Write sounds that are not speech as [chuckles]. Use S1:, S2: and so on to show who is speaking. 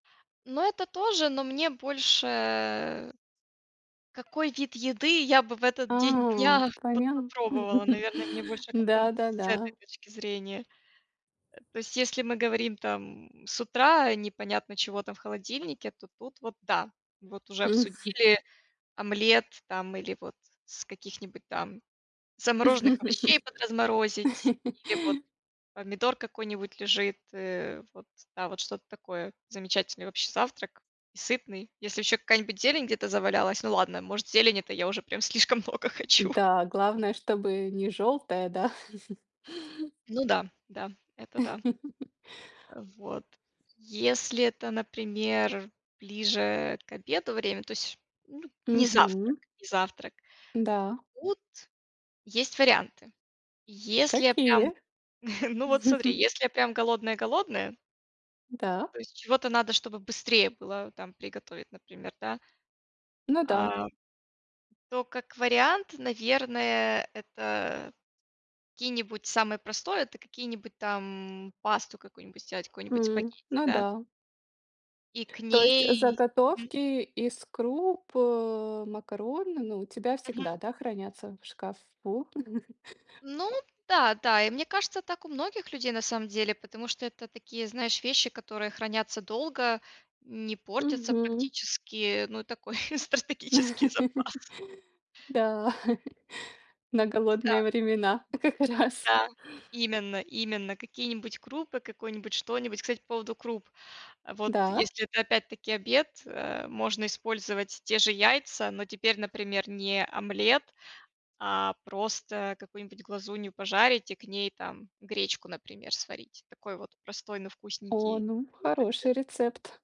S1: Но это тоже, но мне больше какой вид еды я бы в этот день
S2: А,
S1: дня вот
S2: понятно.
S1: попробовала,
S2: [laughs]
S1: наверное, мне больше как-то вот с
S2: Да-да-да.
S1: этой точки зрения. Э, то есть, если мы говорим там с утра непонятно чего там в холодильнике, то тут вот да. Вот уже
S2: Мгм.
S1: обсудили омлет там или вот с каких-нибудь там замороженных овощей
S2: [laughs]
S1: подразморозить,
S2: [laughs]
S1: или вот помидор какой-нибудь лежит, э, вот там вот что-то такое, замечательный вообще завтрак, и сытный. Если ещё какая-нибудь зелень где-то завалялась, ну ладно, может, зелень- это я уже прям слишком много хочу.
S2: Да, главное, чтобы не жёлтое, да? [chuckles]
S1: Ну да да, это да.
S2: [laughs]
S1: Э, вот. Если это, например, ближе к обеду время, то есть, ну, не завтрак,
S2: Мгм.
S1: не завтрак
S2: Н-да.
S1: то тут есть варианты. Если я прям,
S2: Какие?
S1: [chuckles] ну вот смотри,
S2: [chuckles]
S1: если я прям голодная-голодная
S2: Да.
S1: То есть чего-то надо, чтобы быстрее было там приготовить, например, да.
S2: Ну да.
S1: А, то как вариант, наверное, это какие-нибудь, самое простое, это какие-нибудь там, пасту какую-нибудь сделать, какую-нибудь
S2: М,
S1: спагетти,
S2: ну
S1: да.
S2: да.
S1: И к
S2: То есть, э,
S1: ней мгм.
S2: заготовки из круп, э, макарон, ну у тебя
S1: Мгм.
S2: всегда, да, хранятся в шкафу? [chuckles]
S1: Ну да да, и мне кажется, так у многих людей, на самом деле, потому что это такие, знаешь, вещи, которые хранятся долго, не портятся
S2: Мгм.
S1: практически, ну, и такой [chuckles] стратегический запас.
S2: [laughs] Да, [chuckles] на
S1: То есть да.
S2: голодные времена как раз.
S1: Да. Именно именно какие-нибудь крупы, какой-нибудь что-нибудь, кстати, по поводу круп, а вот
S2: Да.
S1: если это опять-таки обед, э, можно использовать те же яйца, но теперь, например, не омлет, а просто какую-нибудь глазунью пожарить и к ней там гречку, например, сварить. Такой вот простой, но
S2: О,
S1: вкусненький
S2: ну,
S1: вот обед.
S2: хороший рецепт.